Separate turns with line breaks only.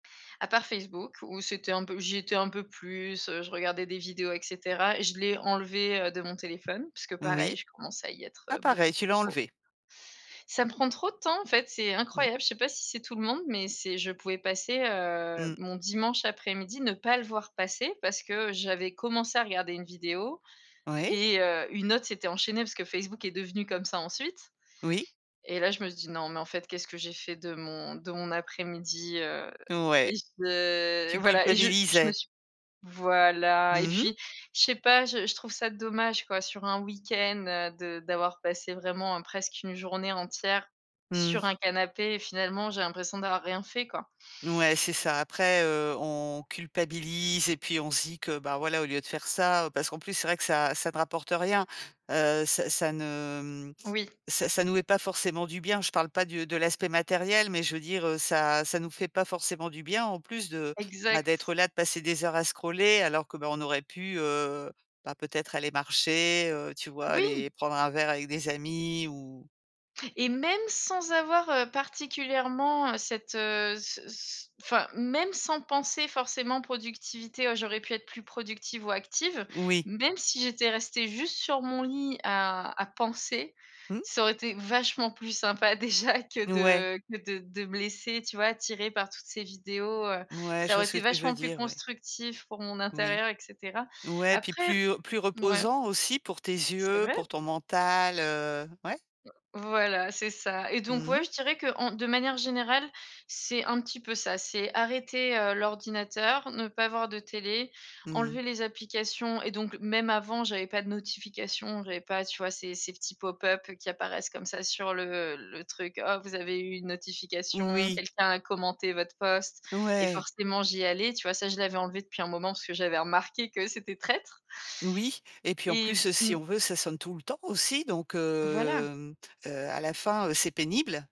À part Facebook où c'était un peu j'y étais un peu plus, heu, je regardais des vidéos et cetera et je l'ai enlevé, heu, de mon téléphone puisque
Oui,
pareil je commençais à y être,
ah
heu, beaucoup
pareil, tu l'as
trop.
enlevé.
Ça me prend trop de temps en fait, c'est
Mmh.
incroyable. Je sais pas si c'est tout le monde, mais c'est je pouvais passer, heu,
Mmh.
mon dimanche après-midi, ne pas le voir passer parce que j'avais commencé à regarder une vidéo
Oui.
et heu, une autre s'était enchaînée parce que Facebook est devenu comme ça ensuite
Oui.
et là je me suis dit: «Non mais en fait, qu'est-ce que j'ai fait de mon de mon après-midi?» Heu
Ouais,
et je
tu
voilà et je je me
culpabilisais.
suis voilà et
Mmh mh.
puis je sais pas je je trouve ça dommage quoi, sur un week-end, heu, de d'avoir passé vraiment, heu, presque une journée entière sur
Mmh.
un canapé et finalement j'ai l'impression d'avoir rien fait, quoi.
Ouais, c'est ça. Après, heu, on culpabilise et puis on se dit que, bah voilà, au lieu de faire ça, heu, parce qu'en plus, c'est vrai que ça ça ne rapporte rien. Heu, ça ça ne, hem,
Oui.
ça ça nous met pas forcément du bien. Je parle pas du de l'aspect matériel, mais je veux dire, heu, ça ça nous fait pas forcément du bien en plus de, bah
Exact.
d'être là, de passer des heures à scroller alors que, bah on aurait pu, heu, bah peut-être aller marcher, heu, tu vois?
Oui!
Aller prendre un verre avec des amis ou
Et même sans avoir, heu, particulièrement, heu, cette, heu, ce c enfin même sans penser forcément productivité: «Oh j'aurais pu être plus productive ou active»,
Oui.
même si j'étais restée juste sur mon lit à à penser,
Mmh.
ça aurait été vachement plus sympa déjà que
Ouais.
de que de de me laisser, tu vois, tirée par toutes ces vidéos. Heu,
Ouais, je
ça
vois
aurait
ce
été
que tu veux
vachement plus
dire, ouais.
constructif pour mon
Oui.
intérieur et cetera.
Ouais, puis
Après
plus plus
mouais.
reposant aussi pour tes
C'est
yeux,
vrai.
pour ton mental, heu, ouais.
Voilà c'est ça et donc
Mmh mh.
ouais, je dirais qu'en de manière générale c'est un petit peu ça. C'est arrêter, heu, l'ordinateur, ne pas avoir de télé,
Mmh mh.
enlever les applications et donc même avant j'avais pas de notifications, j'avais pas tu vois ces ces petits pop-up qui apparaissent comme ça sur le le truc: «Oh vous avez eu une notification,
Oui.
quelqu'un a commenté votre post» et
Ouais.
forcément j'y allais, tu vois? Ça je l'avais enlevé depuis un moment parce que j'avais remarqué que c'était traître
Oui et puis en
et b
plus, heu, si
mmh.
on veut, ça sonne tout le temps aussi, donc
Voilà.
hem, heu, à la fin, heu, c'est pénible.